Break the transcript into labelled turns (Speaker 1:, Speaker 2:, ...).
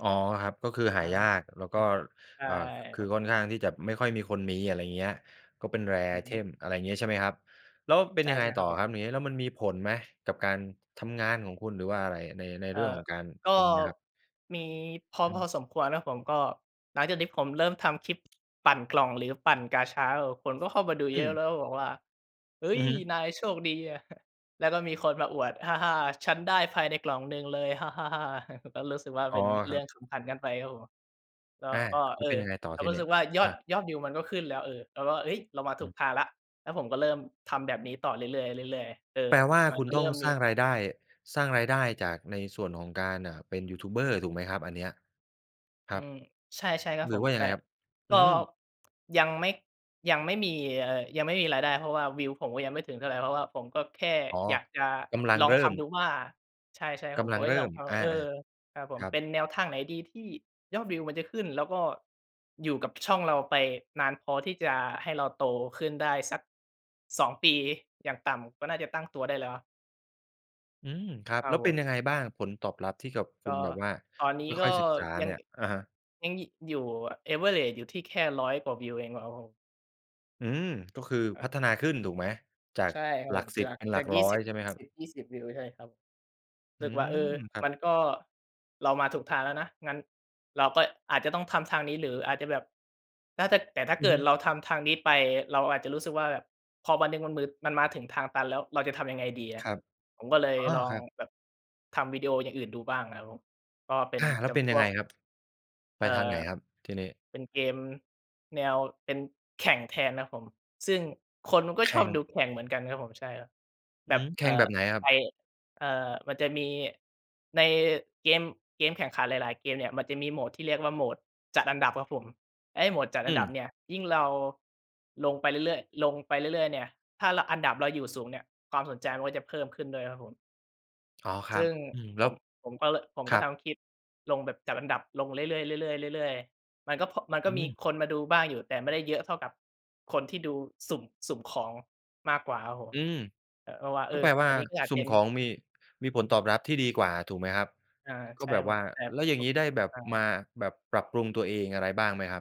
Speaker 1: อ๋อ ครับ ก็คือห
Speaker 2: ค
Speaker 1: า
Speaker 2: รั
Speaker 1: ยา
Speaker 2: บ
Speaker 1: ก แล้ว
Speaker 2: อื
Speaker 1: ก็
Speaker 2: ม ใช่
Speaker 1: อา ค ค
Speaker 2: ค
Speaker 1: ื
Speaker 2: รั
Speaker 1: อ
Speaker 2: บ
Speaker 1: ค่อนข้างที่จะไม่ค่อยมีคนมี อะไรเงี้ย ก็เป็น rare
Speaker 2: อือฮึ
Speaker 1: item อะไรอย่างเงี้ย ใช่ไหมครับ แล้วเป็
Speaker 2: ใ
Speaker 1: น
Speaker 2: ช่
Speaker 1: ยังไง
Speaker 2: ใช่ค
Speaker 1: ต่
Speaker 2: รั
Speaker 1: อ
Speaker 2: บผม
Speaker 1: ครับ อย่างงี้ แล้วมันมีผลไหม กับการทำงานของคุณ? หรือว่าอะไร ใน ใน
Speaker 2: เ
Speaker 1: เ
Speaker 2: อ
Speaker 1: ร
Speaker 2: ่
Speaker 1: ื่อง
Speaker 2: อ
Speaker 1: ของการ
Speaker 2: ก็
Speaker 1: อย่างงี้ครับ
Speaker 2: มี พอ
Speaker 1: อื
Speaker 2: พ
Speaker 1: อฮึ
Speaker 2: อสมควรครับผม ก็หลังจากที่ผมเริ่มทำคลิปปั่นกล่อง หรือปั่นกาชาแล้วแบบคนก็เข้ามาดู
Speaker 1: อ
Speaker 2: เยอะ
Speaker 1: ืม
Speaker 2: แล้วก็บอกว่า "เฮ้
Speaker 1: อื
Speaker 2: ย
Speaker 1: อฮึ
Speaker 2: นายโชคดีอะ" แล้วก็มีคนมาอวด "ฮ่า ๆ ฉันได้ภายในกล่องหนึ่งเลย ฮ่า ๆ ๆ" ก็รู้สึกว่า
Speaker 1: อ๋
Speaker 2: เ
Speaker 1: อ
Speaker 2: ป็นเ
Speaker 1: ค
Speaker 2: รื
Speaker 1: รั
Speaker 2: ่อ
Speaker 1: บ
Speaker 2: งขำขันกันไปครับผม ก็
Speaker 1: อา
Speaker 2: ก็
Speaker 1: แล
Speaker 2: เ
Speaker 1: ้
Speaker 2: อ
Speaker 1: ว
Speaker 2: อ
Speaker 1: เป็นยังไงต่อ
Speaker 2: เรา
Speaker 1: ท
Speaker 2: ก
Speaker 1: ี
Speaker 2: ็รู
Speaker 1: น
Speaker 2: ้
Speaker 1: ี
Speaker 2: ส
Speaker 1: ้?
Speaker 2: ึกว่ายอ
Speaker 1: อ
Speaker 2: ด
Speaker 1: า
Speaker 2: ยอดวิวมันก็ขึ้นแล้ว เออ เราก็ "เฮ้ย เรามา
Speaker 1: อ
Speaker 2: ถ
Speaker 1: ื
Speaker 2: ูก
Speaker 1: ม
Speaker 2: ทางแล้ว" แล้วผมก็เริ่มทำแบบนี้ต่อเรื่อย ๆ เรื่อย ๆ เออ
Speaker 1: แปลว่า
Speaker 2: มั
Speaker 1: ค
Speaker 2: น
Speaker 1: ุ
Speaker 2: ก
Speaker 1: ณ
Speaker 2: ็เ
Speaker 1: ต้
Speaker 2: ริ่
Speaker 1: อง
Speaker 2: มม
Speaker 1: สร
Speaker 2: ี
Speaker 1: ้างรายได้ สร้างรายได้จากในส่วนของการ อ่า เป็นยูทูบเบอร์ถูกไหมครับ? อันเนี้ย ค
Speaker 2: อ
Speaker 1: ร
Speaker 2: ื
Speaker 1: ับ
Speaker 2: ม ใช่ ใช่ครับ
Speaker 1: หร
Speaker 2: ผ
Speaker 1: ือ
Speaker 2: ม
Speaker 1: ว่าย
Speaker 2: แ
Speaker 1: ั
Speaker 2: ต
Speaker 1: ง
Speaker 2: ่
Speaker 1: ไงครับ?
Speaker 2: ก
Speaker 1: อื
Speaker 2: ็
Speaker 1: ม
Speaker 2: ยังไม่ ยังไม่มีเอ่อ ยังไม่มีรายได้ เพราะว่าวิวผมก็ยังไม่ถึงเท่าไร เพราะว่าผมก็แค่
Speaker 1: อ๋อ
Speaker 2: อยากจะ
Speaker 1: กำลัง
Speaker 2: ลอง
Speaker 1: เริ
Speaker 2: ท
Speaker 1: ่ม
Speaker 2: ำดูว่า ใช่ ใช่ครั
Speaker 1: ก
Speaker 2: บผม
Speaker 1: ำล
Speaker 2: โ
Speaker 1: ั
Speaker 2: อ
Speaker 1: ง
Speaker 2: ๊ย
Speaker 1: เริ่
Speaker 2: ลอง
Speaker 1: ม
Speaker 2: ทำแล้
Speaker 1: อ
Speaker 2: ว
Speaker 1: า
Speaker 2: เออ ครับผ
Speaker 1: ๆ ค
Speaker 2: ม
Speaker 1: รั
Speaker 2: เ
Speaker 1: บ
Speaker 2: ป็นแนวทางไหนดีที่ยอดวิวมันจะขึ้น แล้วก็อยู่กับช่องเราไปนานพอที่จะให้เราโตขึ้นได้ สัก 2 ปีอย่างต่ำ ก็น่าจะตั้งตัวได้แล้วครับ
Speaker 1: อืม ครับ
Speaker 2: คร
Speaker 1: แ
Speaker 2: ั
Speaker 1: ล้
Speaker 2: บ
Speaker 1: ว
Speaker 2: ผ
Speaker 1: เป็
Speaker 2: ม
Speaker 1: นยังไงบ้าง? ผลตอบรับที่กับ ค
Speaker 2: ก
Speaker 1: ุ
Speaker 2: ็
Speaker 1: ณแบบว่า
Speaker 2: ตอนนี้
Speaker 1: ค
Speaker 2: ก็
Speaker 1: ่อย ๆ ศึกษา
Speaker 2: ยั
Speaker 1: เน
Speaker 2: ง
Speaker 1: ี่ย อะฮะ
Speaker 2: ยัง อ อยู่ average อยู่ที่แค่ 100 กว่าวิวเองอะครับผม
Speaker 1: อืม ก็คือพัฒนาขึ้นถูกไหม? จา
Speaker 2: ใ
Speaker 1: ก
Speaker 2: ช่ครับ
Speaker 1: หล
Speaker 2: ผ
Speaker 1: ัก
Speaker 2: ม
Speaker 1: ส
Speaker 2: จ
Speaker 1: ิ
Speaker 2: า
Speaker 1: บ
Speaker 2: ก
Speaker 1: เป็นหล
Speaker 2: จ
Speaker 1: ั
Speaker 2: า
Speaker 1: ก
Speaker 2: ก ยี
Speaker 1: ร
Speaker 2: ่
Speaker 1: ้อ
Speaker 2: สิ
Speaker 1: ย
Speaker 2: บ
Speaker 1: ใช่ไหมครับ?
Speaker 2: 10-20 วิว ใช่ไหมครับ
Speaker 1: อ
Speaker 2: ส
Speaker 1: ื
Speaker 2: ึกว่า "เออ
Speaker 1: ม ครั
Speaker 2: ม
Speaker 1: บ
Speaker 2: ันก็ เรามาถูกทางแล้วนะ งั้นเราก็อาจจะต้องทำทางนี้ หรืออาจจะแบบ น่าจะ แต่ถ้า
Speaker 1: อ
Speaker 2: เ
Speaker 1: ื
Speaker 2: ก
Speaker 1: อ
Speaker 2: ิ
Speaker 1: ฮ
Speaker 2: ด
Speaker 1: ึ
Speaker 2: เราทำทางนี้ไป เราอาจจะรู้สึกว่าแบบ พอวันหนึ่งมันมือ มันมาถึงทางตันแล้ว เราจะทำยังไงดีอ
Speaker 1: ค
Speaker 2: ะ?"
Speaker 1: รับ
Speaker 2: ผมก็เลย
Speaker 1: อ๋อ
Speaker 2: ลอ
Speaker 1: ค
Speaker 2: ง
Speaker 1: รับ
Speaker 2: แบบทำวิดีโออย่างอื่นดูบ้างนะครับผม ก็เป็
Speaker 1: อ
Speaker 2: น
Speaker 1: า แล้
Speaker 2: จ
Speaker 1: วเป็น
Speaker 2: ำพ
Speaker 1: ยัง
Speaker 2: ว
Speaker 1: ไง
Speaker 2: ก
Speaker 1: ครับ? ไป
Speaker 2: เอ่
Speaker 1: ทางไ
Speaker 2: อ
Speaker 1: หนครับทีนี้?
Speaker 2: เป็นเกมแนว เป็นแข่งแทนนะครับผม ซึ่งคนเขาก็
Speaker 1: แข
Speaker 2: ชอ
Speaker 1: ่
Speaker 2: บ
Speaker 1: ง
Speaker 2: ดูแข่งเหมือนกันครับผม ใช่ครับ
Speaker 1: อ
Speaker 2: แ
Speaker 1: ื
Speaker 2: บ
Speaker 1: อ
Speaker 2: บ
Speaker 1: ฮึ แข
Speaker 2: เอ่
Speaker 1: ่งแบ
Speaker 2: อ
Speaker 1: บไหนครับ?
Speaker 2: ไอ้ เอ่อ มันจะมี ในเกม เกมแข่งขันหลาย ๆ เกมเนี่ย มันจะมีโหมดที่เรียกว่าโหมดจัดอันดับครับผม ไอ้โหมดจัด
Speaker 1: อ
Speaker 2: อันดับ
Speaker 1: ืม
Speaker 2: เนี่ย ยิ่งเราลงไปเรื่อย ๆ ลงไปเรื่อย ๆ เนี่ย ถ้า ร อันดับเราอยู่สูงเนี่ย ความสนใจมันก็จะเพิ่มขึ้นด้วยครับผม
Speaker 1: อ๋อ คร
Speaker 2: ซ
Speaker 1: ั
Speaker 2: ึ
Speaker 1: บ
Speaker 2: ่ง
Speaker 1: อืม แ
Speaker 2: ผ
Speaker 1: ล้ว
Speaker 2: ม ผมก็ ล ผม
Speaker 1: ค
Speaker 2: ก
Speaker 1: ร
Speaker 2: ็
Speaker 1: ั
Speaker 2: ท
Speaker 1: บ
Speaker 2: ำคลิปลงแบบจัดอันดับลงเรื่อย ๆ เรื่อย ๆ เรื่อย ๆ มันก็ พ มันก
Speaker 1: อ
Speaker 2: ็มี
Speaker 1: ืม
Speaker 2: คนมาดูบ้างอยู่ แต่ไม่ได้เยอะเท่ากับคนที่ดูสุ่ม สุ่มของมากกว่าครับผม
Speaker 1: อืม
Speaker 2: เออ โอ้ ว่า เ
Speaker 1: ก
Speaker 2: อ
Speaker 1: ็
Speaker 2: อ
Speaker 1: แปลว่า
Speaker 2: อันนี้ก็อา
Speaker 1: ส
Speaker 2: จเ
Speaker 1: ุ่
Speaker 2: ป็
Speaker 1: ม
Speaker 2: น
Speaker 1: ของมี-ท มีผลตอบรับที่ดีกว่าถูกไหมครับ?
Speaker 2: อา
Speaker 1: ก็
Speaker 2: ใช่
Speaker 1: แบบ
Speaker 2: ค
Speaker 1: ว
Speaker 2: รั
Speaker 1: ่
Speaker 2: บ
Speaker 1: า
Speaker 2: ผม แต่
Speaker 1: แล้วอย่างงี้ได้แบบ
Speaker 2: อ
Speaker 1: ม
Speaker 2: า
Speaker 1: า แบบปรับปรุงตัวเองอะไรบ้างไหมครับ?